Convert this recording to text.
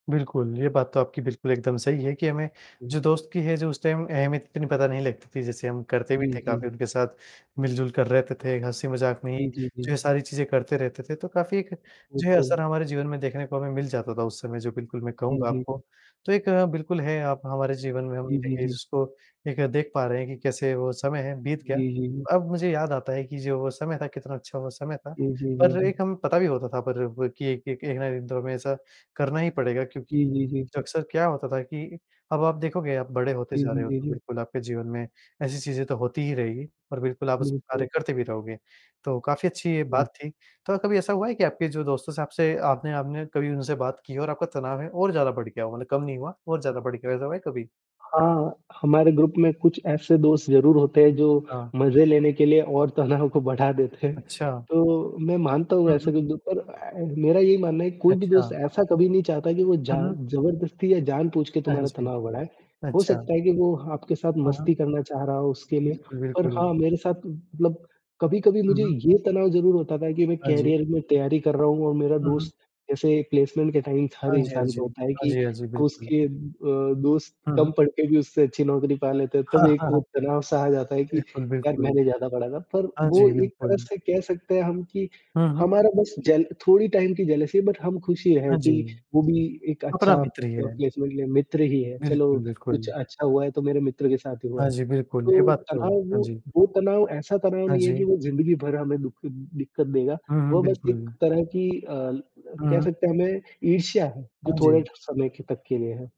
बिल्कुल, ये बात तो आपकी बिल्कुल एकदम सही है कि हमें जो दोस्त की है जो उस टाइम अहमियत इतनी पता नहीं लगती थी। जैसे हम करते भी जी, थे जी। काफ़ी उनके साथ, मिलजुल कर रहते थे, हँसी-मज़ाक में ही जी, जी, जो ये जी। सारी चीज़ें करते रहते थे, तो काफ़ी एक जो ये बिल्कुल। असर हमारे जीवन में देखने को हमें मिल जाता था उस समय। जो बिल्कुल मैं जी, कहूँगा जी, जी। आपको। तो एक बिल्कुल है आप हमारे जीवन में हम जी, जी, देखिए जी। जिसको एक देख पा रहे हैं कि कैसे वो समय बीत गया। जी, जी, जी। अब मुझे याद आता है कि जो वो समय था कितना अच्छा वो समय था। जी, जी, जी, पर जी। एक हम पता भी होता था पर कि एक-एक एक ना एक दिन तो हमेशा करना ही पड़ेगा क्योंकि जी, जी, जी, जी। अक्सर क्या होता था कि अब आप देखोगे आप बड़े होते जी, जा रहे जी, हो, जी, तो जी। बिल्कुल आपके जीवन में ऐसी चीज़ें तो होती ही रहेगी और बिल्कुल आप उस पर कार्य बिल्कुल। करते भी रहोगे। तो काफ़ी अच्छी ये जी। बात थी, तो कभी ऐसा हुआ है कि आपके जो दोस्त से आपसे आपने आपने कभी उनसे बात की हो आपका तनाव है और ज़्यादा बढ़ गया हो मतलब कम नहीं हुआ और ज़्यादा बढ़ गया है ऐसा हुआ है कभी? हाँ, हमारे ग्रुप में कुछ ऐसे दोस्त ज़रूर होते हैं, जो हाँ। मज़े लेने के लिए और तनाव को बढ़ा देते हैं। अच्छा। तो मैं मानता हूँ, हुँ, ऐसे हुँ। कुछ लोग पर अ, मेरा यही मानना है कोई भी दोस्त अच्छा। ऐसा कभी नहीं चाहता कि वो जा हुँ, हुँ। ज़बरदस्ती या जानबूझ के अ, हाँ, तुम्हारा जी। तनाव बढ़ाए। हो अच्छा। सकता है कि वो आपके साथ हाँ, हाँ। मस्ती करना चाह रहा हो उसके लिए। बिल्कुल, और बिल्कुल। हाँ, मेरे साथ मतलब कभी-कभी हुँ, मुझे हुँ। ये तनाव ज़रूर होता था कि मैं हाँ जी। करियर में तैयारी कर रहा हूँ और मेरा हुँ, हुँ। दोस्त जैसे प्लेसमेंट के टाइम हर हाँ जी, हाँ इंसान जी। को होता है हाँ कि जी, हाँ जी, बिल्कुल। उसके अ, दोस्त हुँ। कम पढ़ते भी हुए उससे अच्छी नौकरी पा लेते हैं। तब एक वो तनाव-सा आ जाता है कि बिल्कुल, यार बिल्कुल। मैंने ज़्यादा पढ़ा था। पर हाँ वो जी, एक तरह बिल्कुल। से कह सकते हैं हम कि हुँ, हुँ। हमारा बस जल थोड़ी टाइम की जेलसी बट हम खुशी है हाँ जी। कि वो भी एक अपना अच्छा अ, मित्र ही हैं। प्लेसमेंट ले मित्र ही है। चलो बिल्कुल, कुछ बिल्कुल। अच्छा हुआ है तो मेरे मित्र के साथ ही हुआ हाँ है। जी, बिल्कुल ये तो बात तो तनाव हाँ वो जी। वो तनाव ऐसा तनाव हाँ नहीं है जी। कि वो ज़िम्मेदारी भरा हमें दुख दिक्कत देगा। हुँ, हुँ। वो बस एक बिल्कुल। तरह की अ, कह हुँ। सकते हैं हमें ईर्ष्या है, जो हाँ जी। थोड़े समय के तक के लिए है।